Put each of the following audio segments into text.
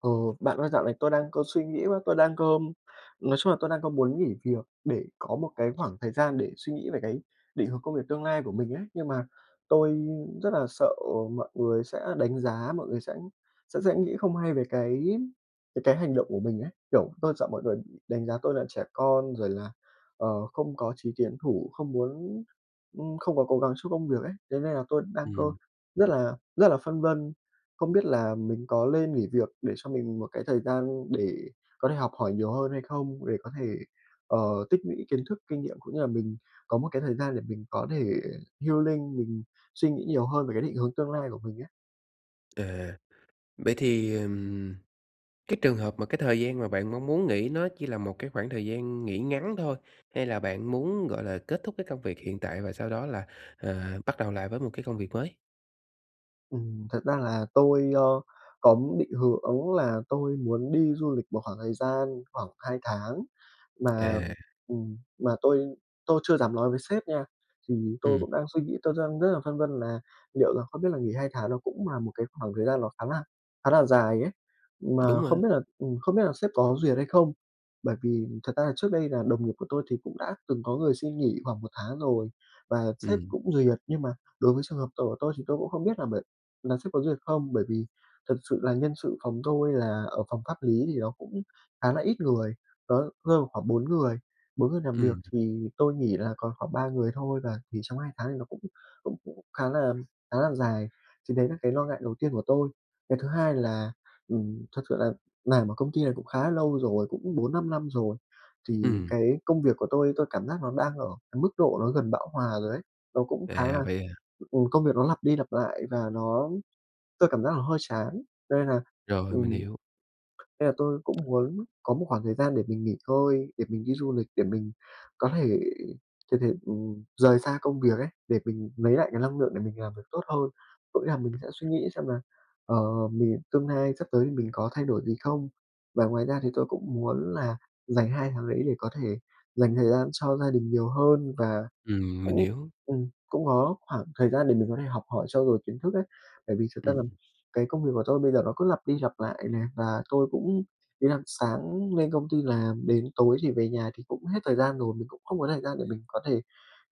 Ờ, bạn ơi, dạo này tôi đang có suy nghĩ quá, tôi đang có nói chung là tôi đang có muốn nghỉ việc để có một cái khoảng thời gian để suy nghĩ về cái định hướng công việc tương lai của mình ấy. Nhưng mà tôi rất là sợ mọi người sẽ đánh giá, mọi người sẽ sẽ sẽ nghĩ không hay về cái về cái hành động của mình ấy. Kiểu, tôi sợ mọi người đánh giá tôi là trẻ con rồi là, ờ, không có chí tiến thủ, không muốn ừm, không có cố gắng cho công việc ấy. Thế nên là tôi đang có Ừm. rất là rất là phân vân không biết là mình có lên nghỉ việc để cho mình một cái thời gian để có thể học hỏi nhiều hơn hay không. Để có thể, ờ, tích lũy kiến thức, kinh nghiệm cũng như là mình có một cái thời gian để mình có thể healing, mình suy nghĩ nhiều hơn về cái định hướng tương lai của mình ấy. À, vậy thì, ừm, cái trường hợp mà cái thời gian mà bạn mong muốn nghỉ nó chỉ là một cái khoảng thời gian nghỉ ngắn thôi, hay là bạn muốn, gọi là, kết thúc cái công việc hiện tại và sau đó là, à, bắt đầu lại với một cái công việc mới? Ừm, thật ra là tôi, ờ, có định hướng đúng là tôi muốn đi du lịch một khoảng thời gian khoảng 2 tháng mà À. ừm, mà tôi tôi chưa dám lói với sếp nha. Thì tôi Ừm. cũng đang suy nghĩ, tôi đang rất là phân vân là liệu là không biết là nghỉ 2 tháng nó cũng là một cái khoảng thời gian nó khá là khá là dài ấy. Mà Đúng rồi. không biết là, ừm, không biết là sếp có duyệt hay không. Bởi vì thật ra là trước đây là đồng nghiệp của tôi thì cũng đã từng có người xin nghỉ khoảng 1 tháng rồi và sếp Ừm. cũng duyệt. Nhưng mà đối với trường hợp tồi tôi thì tôi cũng không biết là bởi là sếp có duyệt không. Bởi vì thật sự là nhân sự phòng tôi là ở phòng pháp lý thì nó cũng khá là ít người, nó rơi vào khoảng 4 người. 4 người làm việc Ừm. thì tôi nghỉ là còn khoảng 3 người thôi. Và thì trong 2 tháng thì nó cũng cũng cũng khá là khá là dài. Thì đấy là cái lo ngại đầu tiên của tôi. Cái thứ hai là, ừm, thật sự là làm ở công ty này cũng khá lâu rồi, cũng 4-5 năm rồi. Thì Ừm. cái công việc của tôi, tôi cảm giác nó đang ở cái mức độ nó gần bão hòa rồi ấy. Nó cũng khá À, là vậy à! ừ, công việc nó lặp đi lặp lại và nó tôi cảm giác nó hơi chán. Cho nên là, Rồi, mình ừm, hiểu. nên là tôi cũng muốn có một khoảng thời gian để mình nghỉ ngơi, để mình đi du lịch, để mình có thể thực hiện, ừm, rời xa công việc ấy, để mình lấy lại cái năng lượng để mình làm việc tốt hơn. Có nghĩa là mình sẽ suy nghĩ xem là, ờ, mình tương lai sắp tới thì mình có thay đổi gì không. Và ngoài ra thì tôi cũng muốn là dành 2 tháng đấy để có thể dành thời gian cho gia đình nhiều hơn. Và Ừm, mình cũng hiểu. ừm, cũng có khoảng thời gian để mình có thể học hỏi trau dồi kiến thức ấy. Bởi vì thực ra Ừm. là cái công việc của tôi bây giờ nó cứ lặp đi lặp lại nè. Và tôi cũng ý là sáng lên công ty làm đến tối thì về nhà thì cũng hết thời gian rồi. Mình cũng không có thời gian để mình có thể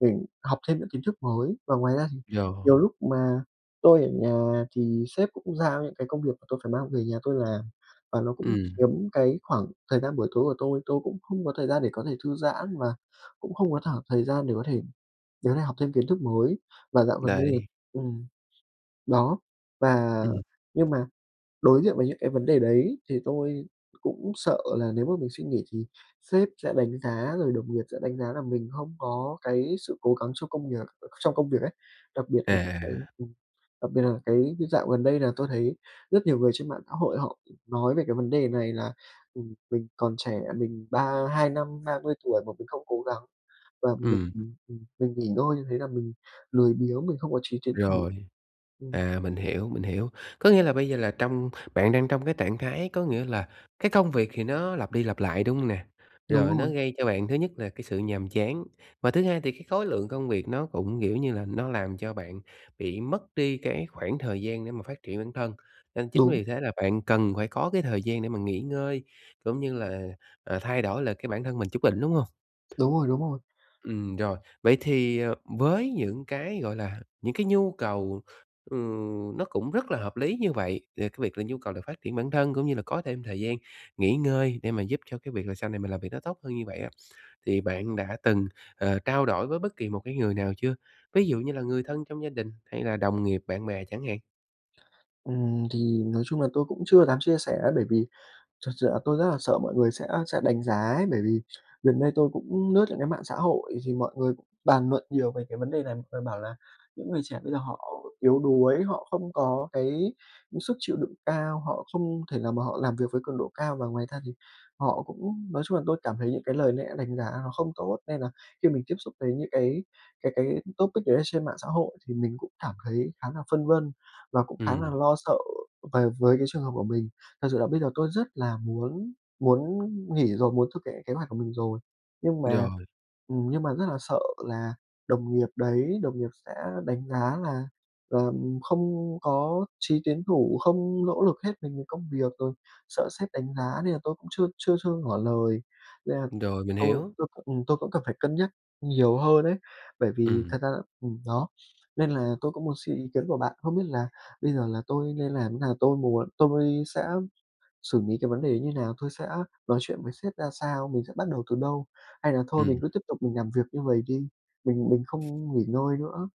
mình học thêm những kiến thức mới. Và ngoài ra thì Yeah. nhiều lúc mà tôi ở nhà thì sếp cũng giao những cái công việc mà tôi phải mang về nhà tôi làm. Và nó cũng Ừm. chiếm cái khoảng thời gian buổi tối của tôi. Tôi cũng không có thời gian để có thể thư giãn và cũng không có thở thời gian để có thể đứa này học thêm kiến thức mới. Và dạo gần đây Đấy. ừm, đó, và Ừm. nhưng mà đối diện với những cái vấn đề đấy thì tôi cũng sợ là nếu mà mình xin nghỉ thì sếp sẽ đánh giá, rồi đồng nghiệp sẽ đánh giá là mình hông có cái sự cố gắng trong công việc trong công việc ấy. Đặc biệt là À. cái ừm, đặc biệt là cái như dạo gần đây là tôi thấy rất nhiều người trên mạng xã hội họ nói về cái vấn đề này là, ừm, mình còn trẻ mình ba hai năm, ba mươi tuổi mà mình không cố gắng. Và mình, Ừm. ừm, ừm, mình nghỉ ngơi như thế là mình lười biếng, mình không có chí tiến thủ. Rồi, Ừm. à, mình hiểu, mình hiểu. Có nghĩa là bây giờ là trong bạn đang trong cái trạng thái có nghĩa là cái công việc thì nó lặp đi lặp lại, đúng hông nè? Đúng Rồi nó rồi. gây cho bạn thứ nhất là cái sự nhàm chán. Và thứ hai thì cái khối lượng công việc nó cũng, kiểu như là, nó làm cho bạn bị mất đi cái khoảng thời gian để mà phát triển bản thân. Nên chính Đúng. vì thế là bạn cần phải có cái thời gian để mà nghỉ ngơi cũng như là, à, thay đổi lại cái bản thân mình chút đỉnh, đúng hông? Đúng rồi, đúng rồi. Ừm, rồi. Vậy thì, à, với những cái, gọi là, những cái nhu cầu, ừm, nó cũng rất là hợp lý như vậy, ờ, cái việc là nhu cầu phát triển bản thân cũng như là có thêm thời gian nghỉ ngơi để mà giúp cho cái việc là sau này mình làm việc nó tốt hơn như vậy á, thì bạn đã từng, ờ, trao đổi với bất kỳ một cái người nào chưa? Ví dụ như là người thân trong gia đình hay là đồng nghiệp, bạn bè chẳng hạn. Ừm, thì nói chung là tôi cũng chưa dám chia sẻ á, bởi vì thật sự là tôi rất là sợ mọi người sẽ sẽ đánh giá ấy, bởi vì gần đây tôi cũng lướt những cái mạng xã hội thì mọi người cũng bàn luận nhiều về cái vấn đề này. Mọi người bảo là những người trẻ bây giờ họ yếu đuối, họ không có cái sức chịu đựng cao, họ không thể nào mà họ làm việc với cường độ cao, và ngoài ra thì họ cũng nói chung là tôi cảm thấy những cái lời lẽ đánh giá nó không tốt. Nên nà khi mình tiếp xúc với những cái cái cái topic gì đấy ở trên mạng xã hội, thì mình cũng cảm thấy khá là phân vân và cũng khá là Ừm. lo sợ về với cái trường hợp của mình. Thật sự là bây giờ tôi rất là muốn muốn nghỉ rồi, muốn thực hiện kế hoạch của mình rồi, nhưng mà Rồi. ừm, nhưng mà rất là sợ là đồng nghiệp đấy, đồng nghiệp sẽ đánh giá là là không có chí tiến thủ, không nỗ lực hết mình vì công việc, rồi sợ sếp đánh giá nên là tôi cũng chưa chưa chưa ngỏ lời. Nên là Rồi, mình tôi hiểu. tôi cũng ừm, tôi cũng cần phải cân nhắc nhiều hơn ấy. Bởi vì thật Ừm. ra là ừm, đó, nên là tôi cũng muốn xin ý kiến của bạn. Không biết là bây giờ là tôi nên làm thế nào, tôi muốn tôi sẽ xử lý cái vấn đề như thế nào, tôi sẽ nói chuyện với sếp ra sao, mình sẽ bắt đầu từ đâu? Hay là thôi mình Ừm. cứ tiếp tục mình làm việc như vầy đi, mình mình không nghỉ ngơi nữa?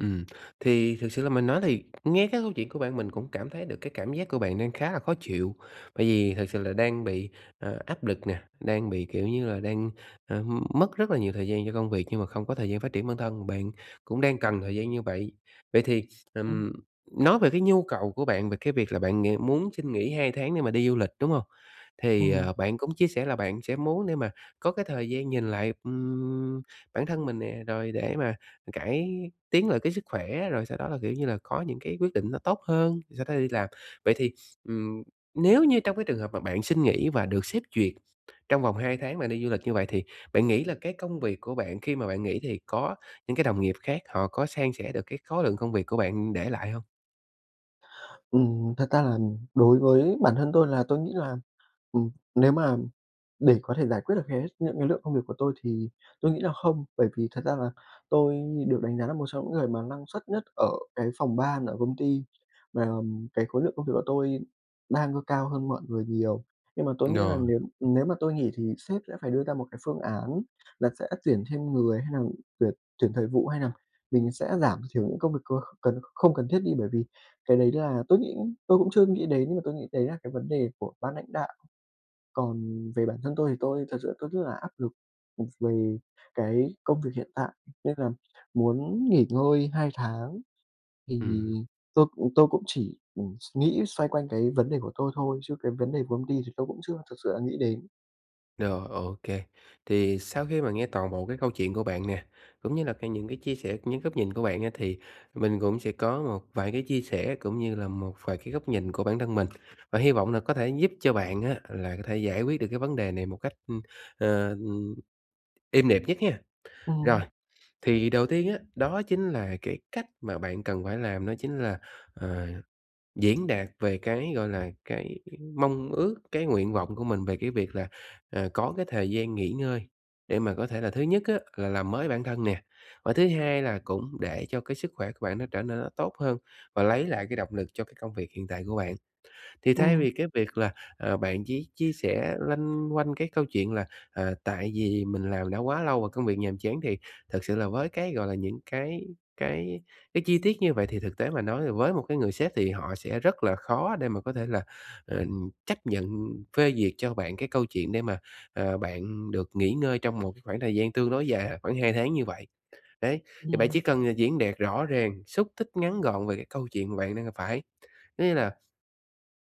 Ừm, thì thực sự là mình nói thì nghe cái câu chuyện của bạn, mình cũng cảm thấy được cái cảm giác của bạn đang khá là khó chịu. Bởi vì thực sự là đang bị, ờ, áp lực nè, đang bị kiểu như là, đang, ờm, mất rất là nhiều thời gian cho công việc nhưng mà không có thời gian phát triển bản thân, bạn cũng đang cần thời gian như vậy. Vậy thì, Ừm. ừm, nói về cái nhu cầu của bạn về cái việc là bạn ng muốn xin nghỉ 2 tháng để mà đi du lịch, đúng hông? Thì, Ừm. ờ, bạn cũng chia sẻ là bạn sẽ muốn để mà có cái thời gian nhìn lại, ưm, bản thân mình nè, rồi để mà cải tiến lại cái sức khỏe, rồi sau đó là, kiểu như là, có những cái quyết định nó tốt hơn, sau đó đi làm. Vậy thì, ừm, nếu như trong cái trường hợp mà bạn xin nghỉ và được sếp duyệt, trong vòng 2 tháng bạn đi du lịch như vậy, thì bạn nghĩ là cái công việc của bạn khi mà bạn nghỉ, thì có những cái đồng nghiệp khác họ có san sẻ được cái khối lượng công việc của bạn để lại hông? Ừm, thật ra nà đối với bản thân tôi là tôi nghĩ là, ừm, nếu mà để có thể giải quyết được hết những cái lượng công việc của tôi, thì tôi nghĩ là không. Bởi vì thật ra là tôi được đánh giá là một trong những người mà năng suất nhất ở cái phòng ban ở công ty, và, ừm, cái khối lượng công việc của tôi đang c cao hơn mọi người nhiều. Nhưng mà tôi nghĩ nà Rồi. nếu nếu mà tôi nghỉ thì sếp sẽ phải đưa ra một cái phương án là sẽ tuyển thêm người, hay nà tuyển tuyển thời vụ, hay nà mình sẽ giảm thiểu những công việc có cần không cần thiết đi. Bởi vì cái đấy là tôi nghĩ tôi cũng chưa nghĩ đến, và tôi nghĩ đấy là cái vấn đề của ban lãnh đạo. Còn về bản thân tôi, thì tôi thật sự tôi rất là áp lực, một về cái công việc hiện tại, nên là muốn nghỉ ngơi 2 tháng, thì Ừm. tôi cũng tôi cũng chỉ, ừm, s nghĩ xoay quanh cái vấn đề của tôi thôi, chứ cái vấn đề của công ty thì tôi cũng chưa thực sự là nghĩ đến. Rồi, ô kê, thì sau khi mà nghe toàn bộ cái câu chuyện của bạn nè, cũng như là cái những cái chia sẻ c những góc nhìn của bạn á thì mình cũng sẽ có một vài cái chia sẻ, cũng như là một vài cái góc nhìn của bản thân mình và hy vọng là có thể giúp cho bạn á là có thể giải quyết được cái vấn đề này một cách, ưm, ờ, ừm, êm đẹp nhất ha. Rồi, Ừm. thì đầu tiên á, đó chính là cái cách mà bạn cần phải làm đó chính là, ờ, diễn đạt về cái, gọi là, cái mong ước, cái nguyện vọng của mình về cái việc là, à, có cái thời gian nghỉ ngơi để mà có thể là thứ nhất á, là làm mới bản thân nè và thứ hai là cũng để cho cái sức khỏe của bạn nó trở nên nó tốt hơn và lấy lại cái động lực cho cái công việc hiện tại của bạn. Thì thay Ừm. vì cái việc là, ờ, bạn chỉ chia sẻ loanh quanh cái câu chuyện là, à, "tại vì mình làm đã quá lâu và công việc nhàm chán" thì thực sự là với cái, gọi là, những cái cái cái chi tiết như vậy thì thực tế mà nói, ờ, với một cái người sếp thì họ sẽ rất là khó để mà có thể là, ờ, chấp nhận phê duyệt cho bạn cái câu chuyện để mà, à, bạn được nghỉ ngơi trong một cái khoảng thời gian tương đối dài, à, khoảng 2 tháng như vậy. Đấy, thì bạn chỉ Ừm. cần, à, diễn đạt rõ ràng, xúc tích, ngắn gọn về cái câu chuyện mà bạn đang gặp phải. Có nghĩa là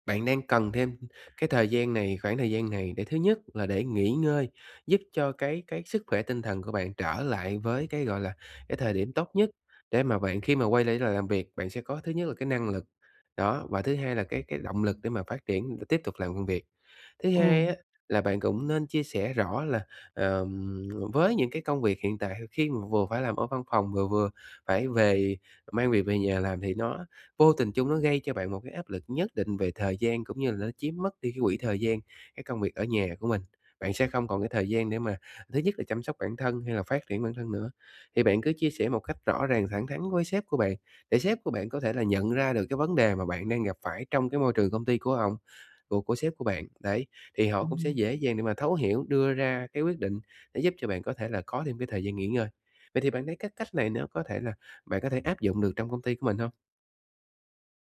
bạn đang cần thêm cái thời gian này, khoảng thời gian này để thứ nhất là để nghỉ ngơi, giúp cho cái cái sức khỏe tinh thần của bạn trở lại với cái, gọi là, cái thời điểm tốt nhất để mà bạn khi mà quay lấy là làm việc bạn sẽ có thứ nhất là cái năng lực, đó, và thứ hai là cái cái động lực để mà phát triển, ừ, tiếp tục làm công việc. Thứ hai Ừm. á, là bạn cũng nên chia sẻ rõ là, ờm, với những cái công việc hiện tại h khi mà vừa phải làm ở văn phòng vừa vừa phải về mang việc về nhà làm thì nó vô tình chung nó gây cho bạn một cái áp lực nhất định về thời gian cũng như là nó chiếm mất đi cái quỹ thời gian cái công việc ở nhà của mình, bạn sẽ không còn cái thời gian để mà thứ nhất là chăm sóc bản thân hay là phát triển bản thân nữa. Thì bạn cứ chia sẻ một cách rõ ràng thẳng thắn với sếp của bạn, để sếp của bạn có thể là nhận ra được cái vấn đề mà bạn đang gặp phải trong cái môi trường công ty của ổng của của sếp của bạn. Đấy, thì họ cũng Ừm, sẽ ừm. dễ dàng để mà thấu hiểu, đưa ra cái quyết định để giúp cho bạn có thể là có thêm cái thời gian nghỉ ngơi. Vậy thì bạn thấy cái cách này nó có thể là bạn có thể áp dụng được trong công ty của mình hông?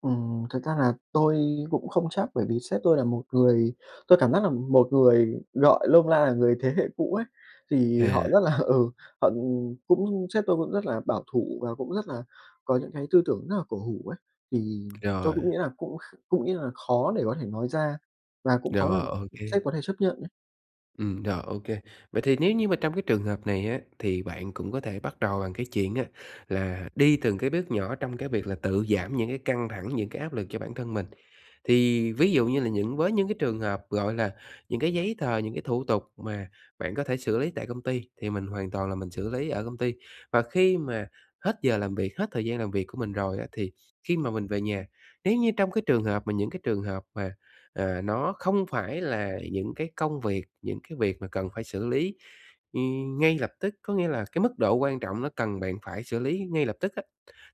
Ừm, thật ra là tôi cũng không chắc bởi vì sếp tôi là một người tôi cảm giác là một người gọi nôm na là người thế hệ cũ ấy. Thì À. họ rất là ừ, họ cũng sếp tôi cũng rất là bảo thủ và cũng rất là có những cái tư tưởng rất là cổ hủ ấy. Thì tôi Rồi. cũng nghĩ là cũng kh cũng nghĩ là khó để có thể nói ra và cũng khó Rồi, làm ô sếp kê. có thể chấp nhận ấy. Ừm, rồi, ô kê. Vậy thì nếu như mà trong cái trường hợp này á, thì bạn cũng có thể bắt đầu bằng cái chuyện á là đi từng cái bước nhỏ trong cái việc là tự giảm những cái căng thẳng, những cái áp lực cho bản thân mình. Thì ví dụ như là những với những cái trường hợp, gọi là, những cái giấy tờ, những cái thủ tục mà bạn có thể xử lý tại công ty, thì mình hoàn toàn là mình xử lý ở công ty. Và khi mà hết giờ làm việc, hết thời gian làm việc của mình rồi á, thì khi mà mình về nhà, nếu như trong cái trường hợp mà những cái trường hợp mà, à, nó không phải là những cái công việc những cái việc mà cần phải xử lý, ừ, ngay lập tức, có nghĩa là cái mức độ quan trọng nó cần bạn phải xử lý ngay lập tức á,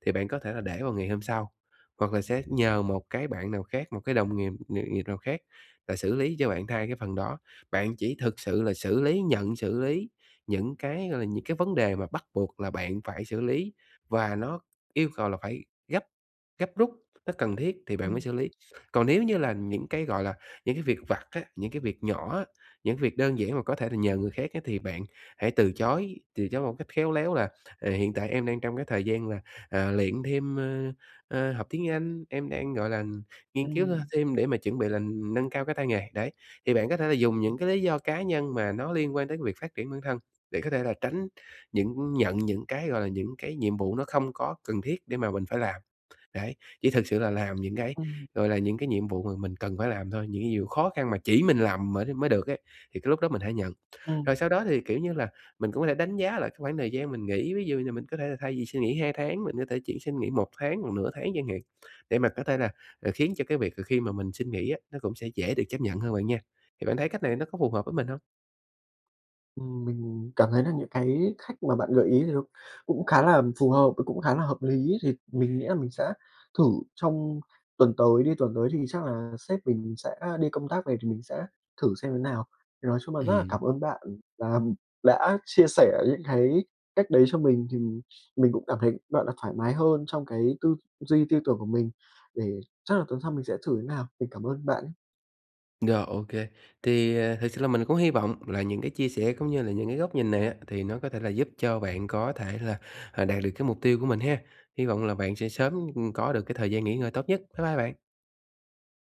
thì bạn có thể là để vào ngày hôm sau, hoặc là sẽ nhờ một cái bạn nào khác, một cái đồng nghiệp nghiệp nghiệp nào khác là xử lý cho bạn thay cái phần đó. Bạn chỉ thực sự là xử lý, nhận xử lý những cái, gọi là, những cái vấn đề mà bắt buộc là bạn phải xử lý, và nó yêu cầu là phải gấp gấp rút, nó cần thiết thì bạn mới Ừm. xử lý. Còn nếu như là những cái, gọi là, những cái việc vặt á, những cái việc nhỏ á, những cái việc đơn giản mà có thể là nhờ người khác á, thì bạn hãy từ chối, từ chối một cách khéo léo là, à, "Hiện tại em đang trong cái thời gian là, à, luyện thêm, ơ, ơ học tiếng Anh, em đang, gọi là, ừm, nghiên cứu th Ừm. thêm để mà chuẩn bị là nâng cao cái tay nghề." Đấy, thì bạn có thể là dùng những cái lý do cá nhân mà nó liên quan tới cái việc phát triển bản thân, để có thể là tránh những nhận những cái, gọi là, những cái nhiệm vụ nó không có cần thiết để mà mình phải làm. Đấy, chỉ thực sự là làm những cái, Ừm. gọi là, những cái nhiệm vụ mà mình cần phải làm thôi, những cái nhiều khó khăn mà chỉ mình làm mới mới được ấy, thì cái lúc đó mình hãy nhận. Ừm. Rồi sau đó thì, kiểu như là, mình cũng có thể đánh giá lại cái khoảng thời gian mình nghỉ, ví dụ như mình có thể là thay vì xin nghỉ 2 tháng, mình có thể chỉ xin nghỉ 1 tháng hoặc nửa tháng chẳng hạn, để mà có thể là, à, khiến cho cái việc khi mà mình xin nghỉ á, nó cũng sẽ dễ được chấp nhận hơn bạn nha. Thì bạn thấy cách này nó có phù hợp với mình hông? Ừm, mình cảm thấy là những cái khách mà bạn gợi ý thì nó cũng khá là, ừm, phù hợp và cũng khá là hợp lý ấy. Thì mình nghĩ là mình sẽ thử trong tuần tới đi, tuần tới thì chắc là sếp mình sẽ đi công tác về, thì mình sẽ thử xem thế nào. Thì nói chung là rất là Ừm. cảm ơn bạn là, ừm, đã chia sẻ những cái cách đấy cho mình, thì mình mình cũng cảm thấy, gọi là, thoải mái hơn trong cái tư duy tư tưởng của mình, để chắc là tuần sau mình sẽ thử như nào. Mình cảm ơn bạn nhé! Rồi, ô kê. Thì, ờ, thực sự là mình cũng hy vọng là những cái chia sẻ cũng như là những cái góc nhìn này á, thì nó có thể là giúp cho bạn có thể là, ờ, đạt được cái mục tiêu của mình ha. Hy vọng là bạn sẽ sớm, ừm, có được cái thời gian nghỉ ngơi tốt nhất. Bye bye bạn!